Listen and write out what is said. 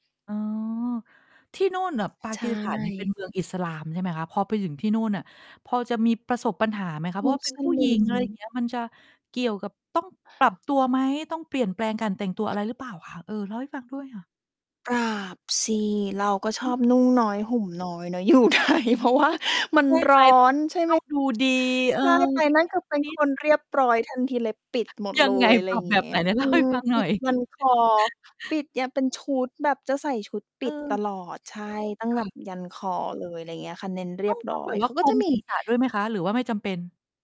อ๋อ ที่นู่นน่ะ ปาใชกีสถาน นี่ เ่ ป็นเมืองอิสลามใช่ไหมคะ? พอไปถึงที่นู่นน่ะ พอจะมีประสบปัญหา ไหมคะ? เพมราะุว่าเป็สนผู้ลหญิิง อะไรอย่าม ง เงี้ย มันจะเกี่ยวกับต้องปรับตัวไหม? ต้องเปลี่ยนแปลงการแต่งตัวอะไรหรือเปล่าคะ? เออ เล่าให้ฟังด้วยค่ะ ปรับสิ เราก็ชอือม บนุ่ง น้อยห่มน้อยเนาะ อยู่ ไทย เพราะ ว่ามัในช่ไรห้ม ตอ้อง น ใช่ตไห้ม องดู ดี เออ ใช่ ไปสักนั่น นิคด ือเป็นนิคด นเรียบร้อยทันทีเลย ปิดหมดยัเลงไง ย อะไปรรอัย่บางแเบงีบ้ไย หน? ไหนเอลื่าให้ม ฟังปหน่ิอดย ยันคอ ปิดเนี่ย เป็นชุดแบบจะใส่ชุดปเิด ตออ ลอด ใช่ ตั้งค่แบบะ ยันคอเลย อะไรอย่างเงี้ยค่ะ เน้นเรีต้อยง บตร้้อองแบย บวเข่าาคก็ลุจะ มมี ศีรษะด้วยไหมคะ หรือว่าไม่จำเป็น?